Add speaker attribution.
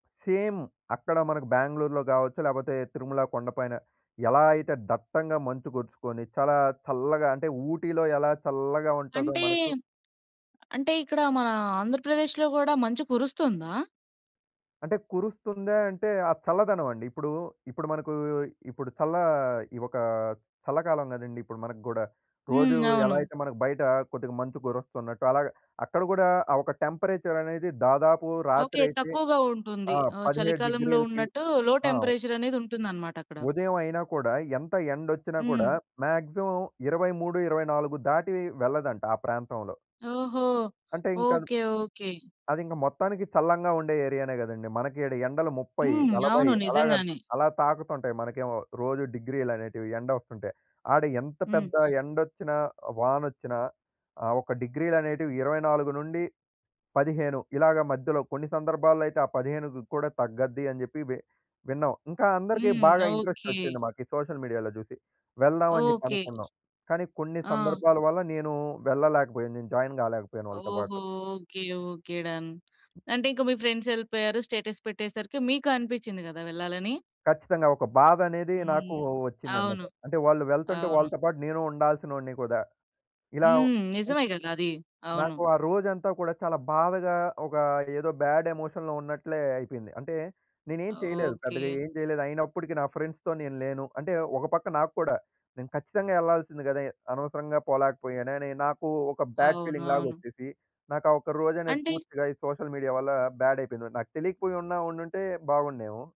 Speaker 1: Same అక్కడ మనకు బెంగుళూరులో గావచ్చు. లేకపోతే తిరుమల కొండ పైన ఎలా అయితే దట్టంగా మంచు గొడ్చుకొని చాలా చల్లగా అంటే ఊటీలో ఎలా చల్లగా ఉంటాదో
Speaker 2: అంటే,
Speaker 1: మనకు
Speaker 2: అంటే ఇక్కడ మన ఆంధ్రప్రదేశ్‌లో గూడా మంచు కురుస్తుందా?
Speaker 1: అంటే కురుస్తుందా అంటే ఆ చల్లదనవండి. ఇప్పుడూ, ఇప్పుడు మనకూ ఇప్పుడు చల్లా ఒక చల్లకాలం కదండీ! ఇప్పుడు మనకు గూడా. రోజు
Speaker 2: హ్మ్.
Speaker 1: ఎలా
Speaker 2: అవును.
Speaker 1: అయితే మనకు బయట కొద్దిగా మంచు కురస్తున్నట్టు అలాగ అక్కడ గూడా ఆ ఒక టెంపరేచరనేది దాదాపు
Speaker 2: ఓకే.
Speaker 1: రాత్రయితే
Speaker 2: తక్కువగా ఉంటుంది.
Speaker 1: ఆ!
Speaker 2: ఆహ్,
Speaker 1: 17
Speaker 2: చలికాలంలో
Speaker 1: డిగ్రీలకి
Speaker 2: ఉన్నట్టు లో
Speaker 1: ఆ! వ్
Speaker 2: టెంపరేచర్ అనేది ఉంటుందనమాట అక్కడ.
Speaker 1: ఉదయం అయినా కూడా, ఎంత ఎండొచ్చినా కూడా
Speaker 2: హ్మ్.
Speaker 1: మాక్సిమం 23, 24 దాటి వెళ్ళదంట ఆ ప్రాంతంలో.
Speaker 2: ఓహో!
Speaker 1: అంటే ఇంకద్
Speaker 2: ఓకే. ఓకే.
Speaker 1: అదింక మొత్తానికి చల్లంగా ఉండే ఏరియానే గదండీ. మనకి ఈడ ఎండలు ముప్పై
Speaker 2: హ్మ్.
Speaker 1: నలభై
Speaker 2: అవును.
Speaker 1: అలాగ న్
Speaker 2: నిజంగానే.
Speaker 1: అలా తాకుతుంటాయి మనకేమో. రోజు డిగ్రీలనేటివి ఎండొస్తుంటె. ఆడ ఎంత
Speaker 2: హ్మ్.
Speaker 1: పెద్ద ఎండొచ్చినా, వానొచ్చినా ఆ ఒక డిగ్రీలనేటివి 24-15 ఇలాగ మధ్యలో కొన్ని సందర్భాల్లో అయితే ఆ 15 కూడా తగ్గద్ది అని చెప్పి వి విన్నాం. ఇంకా అందరికి
Speaker 2: హ్మ్.
Speaker 1: బాగా
Speaker 2: ఓకే.
Speaker 1: ఇంట్రెస్టొచ్చింది, మాకీ సోషల్ మీడియాలో జూసి. వెళ్దామని జెప్పి
Speaker 2: ఓకే.
Speaker 1: అనుకున్నాం. కానీ కొన్ని
Speaker 2: ఆ!
Speaker 1: సందర్భాల వల్ల నేనూ వెళ్ళలేకబోయాను. నేను జాయిన్ గాలేకపోయాను వాళ్ళతో పాటు.
Speaker 2: ఓహో! ఓకే. ఓకే. డన్. అంటే ఇంకా మీ ఫ్రెండ్సెళ్ళిపోయారు స్టేటస్ పెట్టేసరికి మీకు అనిపిచ్చింది గదా! వెళ్ళాలని.
Speaker 1: ఖచ్చితంగా ఒక బాధనేది నాకూ
Speaker 2: హ్మ్.
Speaker 1: వచ్చిందనమాట.
Speaker 2: అవును.
Speaker 1: అంటే వాళ్ళు వెళ్తుంటే
Speaker 2: అవును.
Speaker 1: వాళ్ళతో పాటు నేను ఉండాల్సినోడిని కదా ఇలావ్
Speaker 2: హ్మ్. నిజమే గదా! అది. అవును.
Speaker 1: నాకు ఆ రోజంతా కూడా చాలా బాధగా, ఒక ఏదో బాడ్ ఎమోషన్‌లో ఉన్నట్లే అయిపోయింది. అంటే నేనేం చేయలేదు. పెద్దగా
Speaker 2: ఓకే.
Speaker 1: ఏం జేయలేదు. అయినప్పడికీ నా ఫ్రెండ్స్‌తో నేను లేను. అంటే ఒక పక్క నాకు కూడా నేను ఖచ్చితంగా యెళ్ళాల్సింది గదే! అనవసరంగా పోలేకపోయానే అని నాకు ఒక బ్యాడ్
Speaker 2: అవును.
Speaker 1: ఫీలింగ్‌లాగా
Speaker 2: అవును.
Speaker 1: వచ్చేసి, నాకు ఆ ఒక్క రోజనేది
Speaker 2: అంటే
Speaker 1: పూర్తిగా ఈ సోషల్ మీడియా వల్ల బాడ్ అయిపోయింది. నాకు తెలీకపోయి ఉన్నా ఉండుంటే బాగున్నేమో.